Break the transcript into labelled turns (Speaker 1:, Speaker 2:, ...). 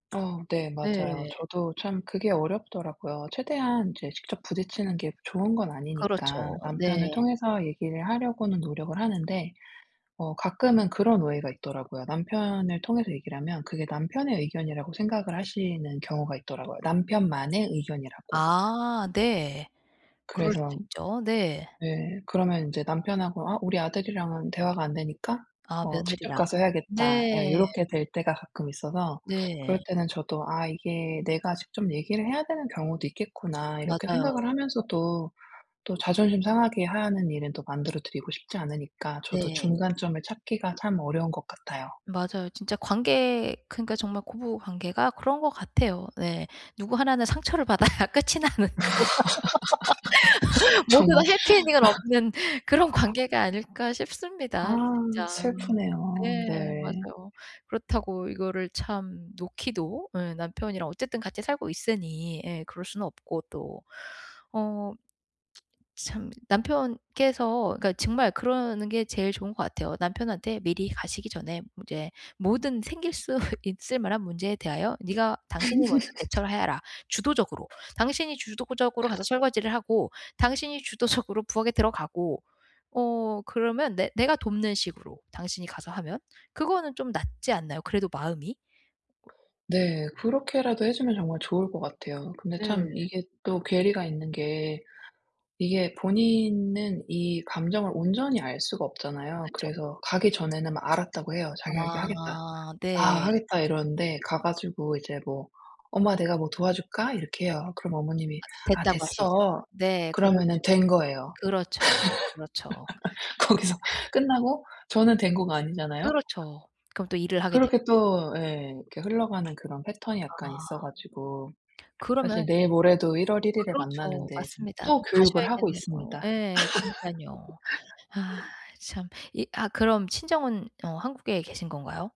Speaker 1: 어. 네 맞아요.
Speaker 2: 네.
Speaker 1: 저도 참 그게 어렵더라고요. 최대한 이제 직접 부딪히는 게 좋은 건 아니니까
Speaker 2: 그렇죠.
Speaker 1: 남편을
Speaker 2: 네.
Speaker 1: 통해서 얘기를 하려고는 노력을 하는데 어 가끔은 그런 오해가 있더라고요. 남편을 통해서 얘기를 하면 그게 남편의 의견이라고 생각을 하시는 경우가 있더라고요. 남편만의 의견이라고.
Speaker 2: 아 네. 그럴 수
Speaker 1: 그래서
Speaker 2: 있죠. 네.
Speaker 1: 네. 그러면 인제 남편하고 "아. 우리 아들이랑은 대화가 안 되니까
Speaker 2: 아
Speaker 1: 어 직접
Speaker 2: 며느리랑.
Speaker 1: 가서 해야겠다."
Speaker 2: 네.
Speaker 1: 요렇게 될 때가 가끔 있어서
Speaker 2: 네.
Speaker 1: 그럴 때는 저도 '아. 이게 내가 직접 얘기를 해야 되는 경우도 있겠구나.' 이렇게
Speaker 2: 맞아요.
Speaker 1: 생각을 하면서도 또 자존심 상하게 하는 일은 또 만들어 드리고 싶지 않으니까 저도
Speaker 2: 네.
Speaker 1: 중간점을 찾기가 참 어려운 것 같아요.
Speaker 2: 맞아요. 진짜 관계 그러니까 정말 고부 관계가 그런 거 같아요. 네. 누구 하나는 상처를 받아야 끝이 나는 그런 모두가
Speaker 1: 정말.
Speaker 2: 해피 엔딩은 없는 그런 관계가 아닐까
Speaker 1: 아
Speaker 2: 싶습니다. 진짜.
Speaker 1: 슬프네요.
Speaker 2: 네
Speaker 1: 네.
Speaker 2: 맞아요. 그렇다고 이거를 참 놓기도 예 남편이랑 어쨌든 같이 살고 있으니. 예. 그럴 수는 없고 또. 어. 참 남편께서 그러니까 정말 그러는 게 제일 좋은 것 같아요. 남편한테 미리 가시기 전에 인제 모든 생길 수 있을 만한 문제에 대하여 "니가 당신이 먼저 대처를 해라. 주도적으로. 당신이 주도적으로 가서 설거지를 하고 당신이 주도적으로 부엌에 들어가고. 어 그러면 내 내가 돕는 식으로, 당신이 가서 하면." 그거는 좀 낫지 않나요? 그래도 마음이?
Speaker 1: 네. 그렇게라도 해 주면 정말 좋을 것 같아요. 근데
Speaker 2: 네.
Speaker 1: 참 이게 또 괴리가 있는 게 이게 본인은 이 감정을 온전히 알 수가 없잖아요.
Speaker 2: 그쵸.
Speaker 1: 그래서 가기 전에는 막 알았다고 해요. 자기가 얘기하겠다.
Speaker 2: 아
Speaker 1: "아.
Speaker 2: 네.
Speaker 1: 하겠다." 이러는데 가 가지고 이제 뭐 "엄마 내가 뭐 도와줄까?" 이렇게 해요. 그럼 어머님이
Speaker 2: 아
Speaker 1: "아.
Speaker 2: 됐다고 하시죠.
Speaker 1: 됐어."
Speaker 2: 네
Speaker 1: 그러면은
Speaker 2: 그렇죠.
Speaker 1: 된 거예요.
Speaker 2: 그렇죠, 그렇죠.
Speaker 1: 거기서 끝나고 저는 된 거가 아니잖아요?
Speaker 2: 그렇죠. 그럼 또 일을 하게
Speaker 1: 그렇게
Speaker 2: 되고.
Speaker 1: 또 예. 이렇게 흘러가는 그런 패턴이 약간 있어
Speaker 2: 아.
Speaker 1: 가지고. 사실
Speaker 2: 그러면
Speaker 1: 내일 모레도 1 월 1 일에
Speaker 2: 그렇죠.
Speaker 1: 만나는데 지금
Speaker 2: 맞습니다.
Speaker 1: 또
Speaker 2: 또
Speaker 1: 교육을 하고
Speaker 2: 가셔야겠네요.
Speaker 1: 있습니다.
Speaker 2: 예. 그러니깐요. 아 참. 이 아 그럼 친정은 어 한국에 계신 건가요?